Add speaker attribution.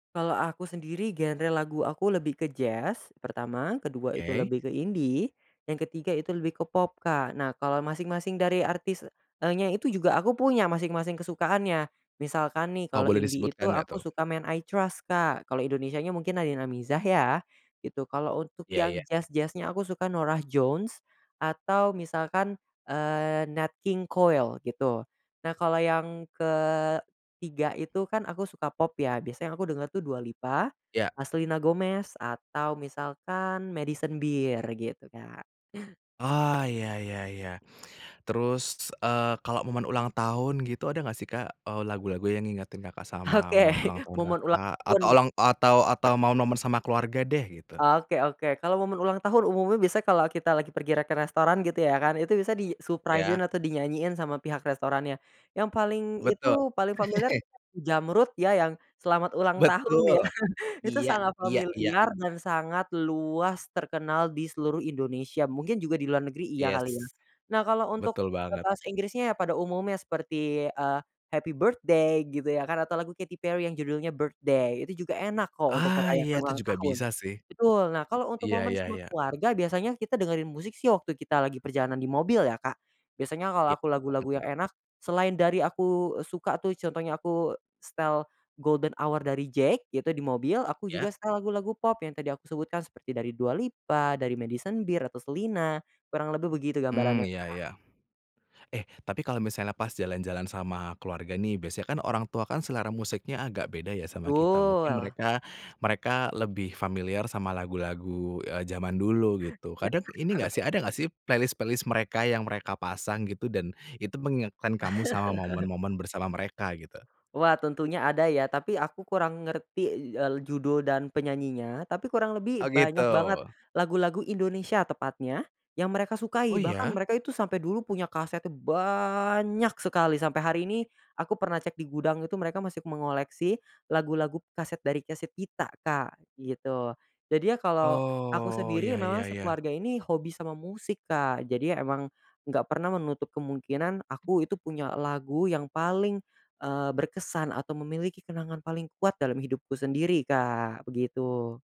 Speaker 1: Kalau aku sendiri genre lagu aku lebih ke jazz pertama, kedua itu
Speaker 2: Oke.
Speaker 1: lebih ke indie, yang ketiga itu lebih ke pop Kak, nah kalau masing-masing dari artisnya, eee, nya itu juga aku punya masing-masing kesukaannya misalkan nih
Speaker 2: Oh
Speaker 1: kalau
Speaker 2: boleh
Speaker 1: indie itu
Speaker 2: disebutkan enggak
Speaker 1: aku
Speaker 2: tuh?
Speaker 1: suka Men I Trust Kak kalau Indonesianya mungkin ada yang Nadin Amizah ya, gitu kalau untuk
Speaker 2: Iya
Speaker 1: yang
Speaker 2: iya.
Speaker 1: jazz-jazz-nya aku suka Norah Jones, atau misalkan, eee, Nat King Cole gitu. Nah kalau yang ketiga itu kan aku suka pop ya, biasanya aku denger tuh Dua Lipa,
Speaker 2: Iya.
Speaker 1: Selena Gomez atau misalkan Madison Beer gitu Kak.
Speaker 2: Oh iya iya iya, terus, eee, kalau momen ulang tahun gitu ada gak sih Kak, eee, lagu-lagu yang ngingetin Kakak sama
Speaker 1: Oke
Speaker 2: momen ulang tahun
Speaker 1: momen ulang
Speaker 2: Kakak atau
Speaker 1: tahun.
Speaker 2: ulang atau atau momen sama keluarga deh gitu?
Speaker 1: Oke oke kalau momen ulang tahun umumnya biasa kalau kita lagi pergi re ke restoran gitu ya kan itu bisa di-suprise-in
Speaker 2: Iya.
Speaker 1: atau dinyanyiin sama pihak restorannya, yang paling itu
Speaker 2: Betul.
Speaker 1: paling familiar itu Jamrud ya, yang "Selamat Ulang Tahun" ya
Speaker 2: Betul,
Speaker 1: itu
Speaker 2: iya
Speaker 1: sangat
Speaker 2: iya iya.
Speaker 1: familiar dan sangat luas terkenal di seluruh Indonesia, mungkin juga di luar negeri iya
Speaker 2: Yes.
Speaker 1: kali ya, nah kalau untuk,
Speaker 2: Betul
Speaker 1: eee,
Speaker 2: banget.
Speaker 1: bahasa Inggrisnya pada umumnya seperti, eee, Happy Birthday gitu ya kan atau lagu Katy Perry yang judulnya "Birthday" itu juga enak kok untuk
Speaker 2: Ah,
Speaker 1: merayakan
Speaker 2: iya itu
Speaker 1: ulang
Speaker 2: juga
Speaker 1: tahun.
Speaker 2: bisa sih,
Speaker 1: Betul nah kalau untuk
Speaker 2: iya
Speaker 1: momen
Speaker 2: iya
Speaker 1: sama
Speaker 2: iya.
Speaker 1: keluarga biasanya kita dengerin musik sih waktu kita lagi perjalanan di mobil ya Kak, biasanya kalau
Speaker 2: Iya
Speaker 1: aku
Speaker 2: apa
Speaker 1: lagu-lagu
Speaker 2: tuh?
Speaker 1: yang enak selain dari aku suka tuh contohnya aku setel "Golden Hour" dari JVKE gitu di mobil aku
Speaker 2: Iya.
Speaker 1: juga setel lagu-lagu pop yang tadi aku sebutkan seperti dari Dua Lipa dari Madison Beer atau Selena, kurang lebih begitu
Speaker 2: Mmm,
Speaker 1: gambarannya
Speaker 2: iya
Speaker 1: Kak.
Speaker 2: iya. Eh, tapi kalau misalnya pas jalan-jalan sama keluarga nih, biasanya kan orang tua kan selera musiknya agak beda ya sama kita mungkin
Speaker 1: Betul.
Speaker 2: mereka mereka lebih familiar sama lagu-lagu, eee, zaman dulu gitu,
Speaker 1: Iya.
Speaker 2: kadang ini gak sih, ada gak sih playlist-playlist mereka yang mereka pasang gitu dan itu mengingatkan kamu sama momen-momen bersama mereka gitu?
Speaker 1: Wah tentunya ada ya, tapi aku kurang ngerti judul dan penyanyinya, tapi kurang lebih
Speaker 2: Oh gitu.
Speaker 1: banyak banget, lagu-lagu Indonesia tepatnya yang mereka
Speaker 2: Oh
Speaker 1: sukai, bahkan
Speaker 2: iya?
Speaker 1: mereka itu sampai dulu punya kasetnya banyak sekali, sampai hari ini aku pernah cek di gudang itu mereka masih mengoleksi lagu-lagu kaset dari kaset kita Kak, gitu, jadi ya kalau, aku
Speaker 2: Oh
Speaker 1: sendiri
Speaker 2: iya iya
Speaker 1: memang
Speaker 2: iya.
Speaker 1: sekeluarga ini hobi sama musik Kak jadi emang, nggak pernah menutup kemungkinan aku itu punya lagu yang paling, eee, berkesan atau memiliki kenangan paling kuat dalam hidupku sendiri Kak begitu.